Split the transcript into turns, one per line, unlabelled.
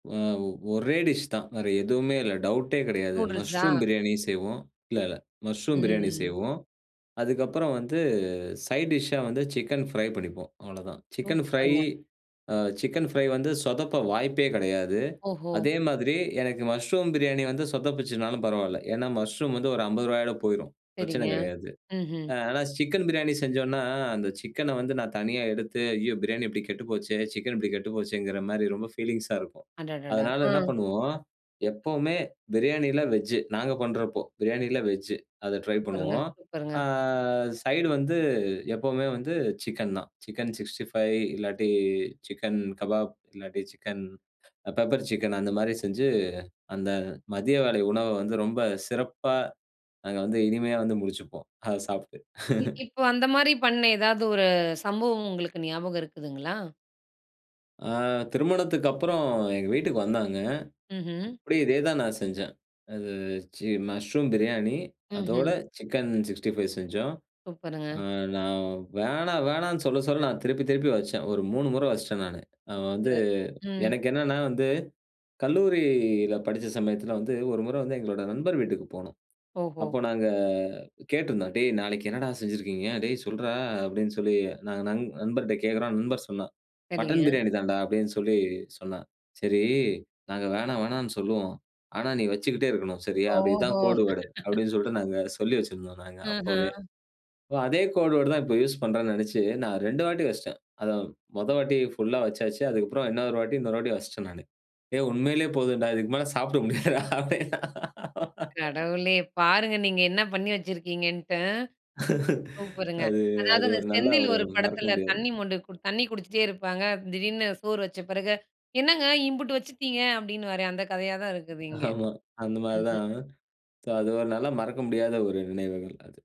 ஆ ஒரே டிஷ் தான் வேற எதுவுமே இல்ல, டவுட்டே கெடயாது
நூடுல்ஸா?
மஷ்ரூம் பிரியாணி செய்வோம். இல்ல இல்ல மஷ்ரூம் பிரியாணி
ம்.ம்.
செய்வோம். அதுக்கப்புறம் வந்து சைட் டிஷ்ஷா வந்து சிக்கன் ஃப்ரை பண்ணிப்போம் அவ்வளவுதான். சிக்கன் ஃப்ரை
சூப்பருங்க.
அ சிக்கன் ஃப்ரை வந்து சொதப்ப வாய்ப்பே கெடயாது.
ஓஹோ!
அதே மாதிரி எனக்கு மஷ்ரூம் பிரியாணி வந்து சொதப்பிச்சுனாலும் பரவால்ல. ஏன்னா மஷ்ரூம் வந்து ஒரு 50 ரூவாயோட போயிடும் பிரச்சன
சரிங்க,
கெடயாது.
ம்ஹ்ம்.
ஆ ஆனா சிக்கன் பிரியாணி செஞ்சோம்னா, அந்த சிக்கனா வந்து நான் தனியா எடுத்து, "ஐயோ பிரியாணி இப்டி கெட்டு போச்சே", சிக்கன் இப்டி கெட்டுப்போச்சேங்குற மாரி ரொம்ப ஃபீலிங்ஸா இருக்கும்.
அடடடா,
அதனால என்ன
அ.
பண்ணுவோம்? எப்பவுமே பிரியாணியில வெஜ்ஜு நாங்க பண்றப்போ, பிரியாணியில வெஜ்ஜு அத ட்ரை
சூப்பருங்க,
பண்ணுவோம்.
சூப்பருங்க.
ஆ, சைடு வந்து எப்போமே வந்து சிக்கன் தான். சிக்கன் 65 இல்லாட்டி, சிக்கன் கபாப், இல்லாட்டி சிக்கன் பெப்பர் சிக்கன் அந்த மாரி செஞ்சு, அந்த மதிய வேளை உணவ வந்து ரொம்ப சிறப்பா நாங்க வந்து இனிமையா வந்து முடிச்சுப்போம். அத சாப்ட்டு.
இப் இப்ப அந்த மாரி பண்ண, ஏதாவது ஒரு சம்பவம் உங்களுக்கு ஞாபகம் இருக்குதுங்களா?
ஆ திருமணத்துக்கப்புறம் எங்க வீட்டுக்கு வந்தாங்க.
ம்ஹ்ம்.
அப்டியே இதே தான் நான் செஞ்சேன். அது சி மஷ்ரூம் பிரியாணி அதோட
ம்ஹ்ம்.
சிக்கன் 65 செஞ்சோம்.
சூப்பருங்க.
நான் "வேணா வேணான்னு" சொல்ல சொல்ல நான் திருப்பி திருப்பி வச்சேன். ஒரு 3 முற வச்சுட்டேன் நானு. நான் வந்து
சூப்பரு, ம்.
எனக்கு என்னென்னா வந்து கல்லூரில படிச்ச சமயத்துல வந்து, 1 முற வந்து எங்களோட நண்பர் வீட்டுக்கு போனோம்.
ஓஹோ!
அப்போ நாங்க கேட்டிருந்தோம், "டேய் நாளைக்கு என்னடா செஞ்சுருக்கீங்க? டேய் சொல்றா" அப்படின்னு சொல்லி, நாங்க நண்ப நண்பர்ட்ட கேக்குறோம் நண்பர் சொன்னான். "மட்டன்
சரிங்க.
பிரியாணி தான்டா" அப்டின்னு சொல்லி சொன்னான். சரி, "நாங்க வேணா வேணானு சொல்லுவோம். ஆனா நீ வைச்சுக்கிட்டே இருக்கணும். சரியா? அப்ப இது தான்
ஓஹோ!
கோடு வேர்டு" அப்டின்னு சொல்ட்டு, நாங்க சொல்லி வைச்சுருந்தோம் நாங்க அப்போவே.
ஆஹ.
அதே கோடு வேர்டு தான் இப்போ யூஸ் பண்றான்னு நெனைச்சு நான் 2 வாட்டி வைச்சுட்டேன். அத மொத வாட்டி புல்லா வெச்சாச்சு. அதுக்கப்புறம் இன்னொரு வாட்டி இன்னொரு வாட்டி வெச்சுட்டேன் நானு. "ஏய் உண்மயிலயே போதும்டா. இதுக்கு மேல சாப்ட முடியாதுடா" அப்டின்னா.
கடவுளே! பாருங்க நீங்க என்ன பண்ணி வச்சிருக்கீங்கன்ட்டு ம். சூப்பருங்க
அது
அதாவது
அது
அந்த
ஒரு நல்ல,
செந்தில்
ஒரு
ஒரு
மறக்க
படத்துல
முடியாது.
தண்ணி மொண்டு கொடு தண்ணி குடிச்சிட்டே இருப்பாங்க, திடீர்னு சோறு வச்ச பெறகு, "என்னங்க இம்புட்டு வச்சிட்டீங்க" அப்டின்னுவாரே அந்த கதயா தான் இருக்குது இங்கே.
ஆமா. அந்த மாரி
ம்ஹ்ம்.
தான். சோ அது ஒரு நல்ல மறக்க முடியாத ஒரு நினைவுகள் அது.